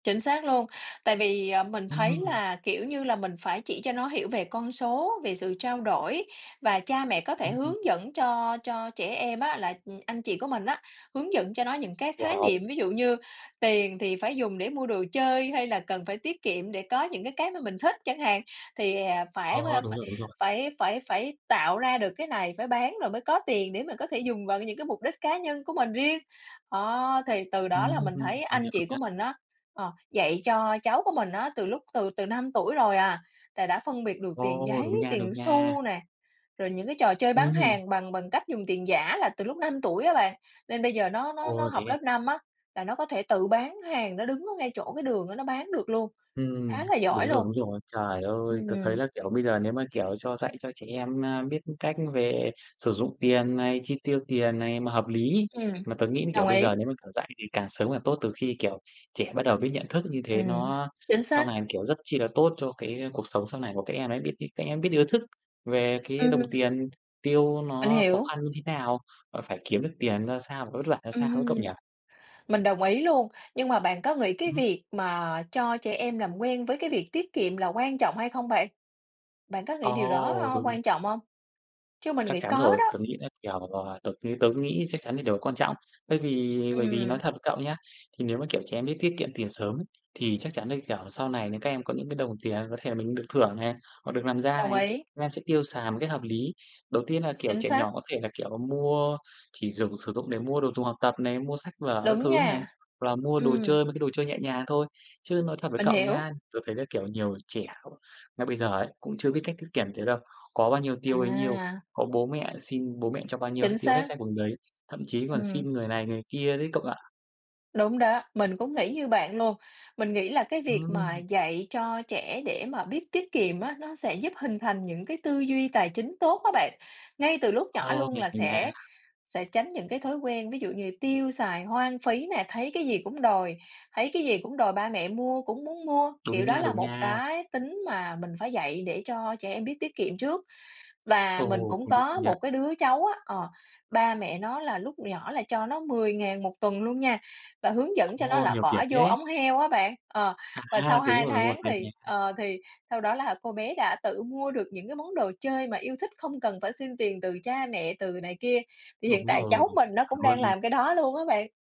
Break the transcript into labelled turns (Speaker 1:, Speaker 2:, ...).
Speaker 1: Chính xác luôn. Tại vì, ờ, mình thấy
Speaker 2: Ừm.
Speaker 1: là, kiểu như là, mình phải chỉ cho nó hiểu về con số, về sự trao đổi, và cha mẹ có thể
Speaker 2: Ừm.
Speaker 1: hướng dẫn cho cho trẻ em á, là, ừm, anh chị của mình á, hướng dẫn cho nó những cái khái niệm.
Speaker 2: Wow!
Speaker 1: Ví dụ như tiền thì phải dùng để mua đồ chơi, hay là cần phải tiết kiệm để có những cái, cái mà mình thích chẳng hạn. Thì, à, phải, ơ,
Speaker 2: Ờ, đúng
Speaker 1: phải
Speaker 2: rồi, đúng rồi.
Speaker 1: phải phải phải tạo ra được cái này, phải bán rồi mới có tiền, để mà có thể dùng vào cái những cái mục đích cá nhân của mình riêng. Đó, thì từ đó
Speaker 2: Ừm,
Speaker 1: là mình thấy
Speaker 2: công
Speaker 1: anh
Speaker 2: nhận, công
Speaker 1: chị của
Speaker 2: nhận.
Speaker 1: mình á, ờ, dạy cho cháu của mình á từ lúc từ từ 5 tuổi rồi à, là đã phân biệt được tiền
Speaker 2: Ồ!
Speaker 1: giấy,
Speaker 2: Đúng nha, đúng
Speaker 1: tiền
Speaker 2: nha.
Speaker 1: xu nè, rồi những cái trò chơi bán
Speaker 2: Ừm.
Speaker 1: hàng bằng bằng cách dùng tiền giả là từ lúc 5 tuổi á bạn. Nên bây giờ nó nó nó
Speaker 2: Ồ,
Speaker 1: học
Speaker 2: thế
Speaker 1: lớp
Speaker 2: à?
Speaker 1: 5 á là nó có thể tự bán hàng, nó đứng ở ngay chỗ cái đường á, nó bán được luôn,
Speaker 2: Ừm,
Speaker 1: khá là
Speaker 2: đúng
Speaker 1: giỏi
Speaker 2: rồi,
Speaker 1: luôn.
Speaker 2: đúng rồi. Trời ơi! Tớ thấy
Speaker 1: Ừm.
Speaker 2: là, kiểu, bây giờ nếu mà, kiểu, cho dạy cho trẻ em, à, biết cách về sử dụng tiền này, chi tiêu tiền này mà hợp lý.
Speaker 1: Ừm,
Speaker 2: Mà tớ nghĩ là, kiểu,
Speaker 1: đồng
Speaker 2: bây
Speaker 1: ý.
Speaker 2: giờ nếu mà, kiểu, dạy thì càng sớm càng tốt, từ khi kiểu trẻ bắt đầu biết nhận thức, như thế
Speaker 1: Ừm,
Speaker 2: nó
Speaker 1: chính
Speaker 2: sau
Speaker 1: xác.
Speaker 2: này, kiểu, rất chi là tốt cho cái, ơ, cuộc sống sau này của các em ấy. Biết nh các em biết được ý thức về cái đồng
Speaker 1: Ừm.
Speaker 2: tiền, tiêu
Speaker 1: Mình
Speaker 2: nó khó
Speaker 1: hiểu.
Speaker 2: khăn như thế nào, và phải kiếm được tiền ra sao, và vất vả ra sao nữa, cậu nhỉ?
Speaker 1: Ừm, mình đồng ý luôn. Nhưng mà bạn có nghĩ cái
Speaker 2: Ừm.
Speaker 1: việc mà cho trẻ em làm quen với cái việc tiết kiệm là quan trọng hay không bạn? Bạn có nghĩ điều đó,
Speaker 2: Ồ,
Speaker 1: ơ,
Speaker 2: đúng!
Speaker 1: quan trọng hông? Chứ mình
Speaker 2: Chắc
Speaker 1: nghĩ
Speaker 2: chắn
Speaker 1: có
Speaker 2: rồi.
Speaker 1: đó.
Speaker 2: Tớ nghĩ là, kiểu, ờ, tớ ng tớ nghĩ chắc chắn là điều quan trọng. Thay vì bởi vì nói
Speaker 1: Ừm.
Speaker 2: thật với cậu nhá, thì nếu mà kiểu trẻ em biết tiết kiệm tiền sớm ấy, thì chắc chắn là kiểu sau này nè, các em có những cái đồng tiền có thể là mình được thưởng này, hoặc được làm ra
Speaker 1: Đồng
Speaker 2: này,
Speaker 1: ý.
Speaker 2: các em sẽ tiêu xài một cách hợp lý. Đầu tiên là kiểu
Speaker 1: Chính
Speaker 2: trẻ nhỏ
Speaker 1: xác.
Speaker 2: có thể là, kiểu, mua chỉ dùng sử dụng để mua đồ dùng học tập này, mua sách vở các
Speaker 1: Đúng
Speaker 2: thứ này,
Speaker 1: nha,
Speaker 2: hoặc là mua đồ
Speaker 1: ừm.
Speaker 2: chơi, mấy cái đồ chơi nhẹ nhàng thôi. Chứ nói thật với
Speaker 1: Mình
Speaker 2: cậu nhá,
Speaker 1: hiểu.
Speaker 2: tớ thấy là kiểu nhiều trẻ ngay bây giờ ấy cũng chưa biết cách tiết kiềm thế đâu. Có bao nhiêu tiêu bấy nhiêu,
Speaker 1: À!
Speaker 2: có bố mẹ xin bố mẹ cho bao nhiêu hết
Speaker 1: Chính
Speaker 2: tiêu hết
Speaker 1: xác.
Speaker 2: sạch bằng đấy, thậm chí còn
Speaker 1: Ừm.
Speaker 2: xin người này người kia đấy, cậu ạ.
Speaker 1: Đúng đó. Mình cũng nghĩ như bạn luôn. Mình nghĩ là cái việc mà
Speaker 2: Ừm.
Speaker 1: dạy cho trẻ để mà biết tiết kiệm á, nó sẽ giúp hình thành những cái tư duy tài chính tốt á bạn. Ngay từ lúc nhỏ
Speaker 2: Ồ,
Speaker 1: luôn
Speaker 2: mình
Speaker 1: là
Speaker 2: [unintelligible] nha.
Speaker 1: sẽ sẽ tránh những cái thói quen, ví dụ như tiêu xài hoang phí nè, thấy cái gì cũng đòi, thấy cái gì cũng đòi ba mẹ mua, cũng muốn mua. Kiểu
Speaker 2: Đúng
Speaker 1: đó
Speaker 2: nha,
Speaker 1: là
Speaker 2: đúng
Speaker 1: một
Speaker 2: nha.
Speaker 1: cái tính mà mình phải dạy để cho trẻ em biết tiết kiệm trước. Và mình
Speaker 2: Ồ,
Speaker 1: cũng
Speaker 2: công nhận, công
Speaker 1: có
Speaker 2: nhận!
Speaker 1: một cái đứa cháu á ờ, ba mẹ nó là lúc nhỏ là cho nó 10.000 1 tuần luôn nha, và hướng dẫn cho nó
Speaker 2: Ồ,
Speaker 1: là
Speaker 2: nhiều tiền
Speaker 1: bỏ vô
Speaker 2: thế!
Speaker 1: ống heo á bạn. Ờ, và
Speaker 2: À,
Speaker 1: sau
Speaker 2: thế đúng
Speaker 1: 2
Speaker 2: rồi, đúng rồi.
Speaker 1: tháng
Speaker 2: Hay nha,
Speaker 1: thì,
Speaker 2: hay.
Speaker 1: ờ, thì sau đó là cô bé đã tự mua được những cái món đồ chơi mà yêu thích, không cần phải xin tiền từ cha mẹ, từ này kia. Thì hiện
Speaker 2: Đúng
Speaker 1: tại
Speaker 2: rồi,
Speaker 1: cháu mình nó cũng
Speaker 2: chuẩn
Speaker 1: đang
Speaker 2: luôn.
Speaker 1: làm cái đó luôn á bạn.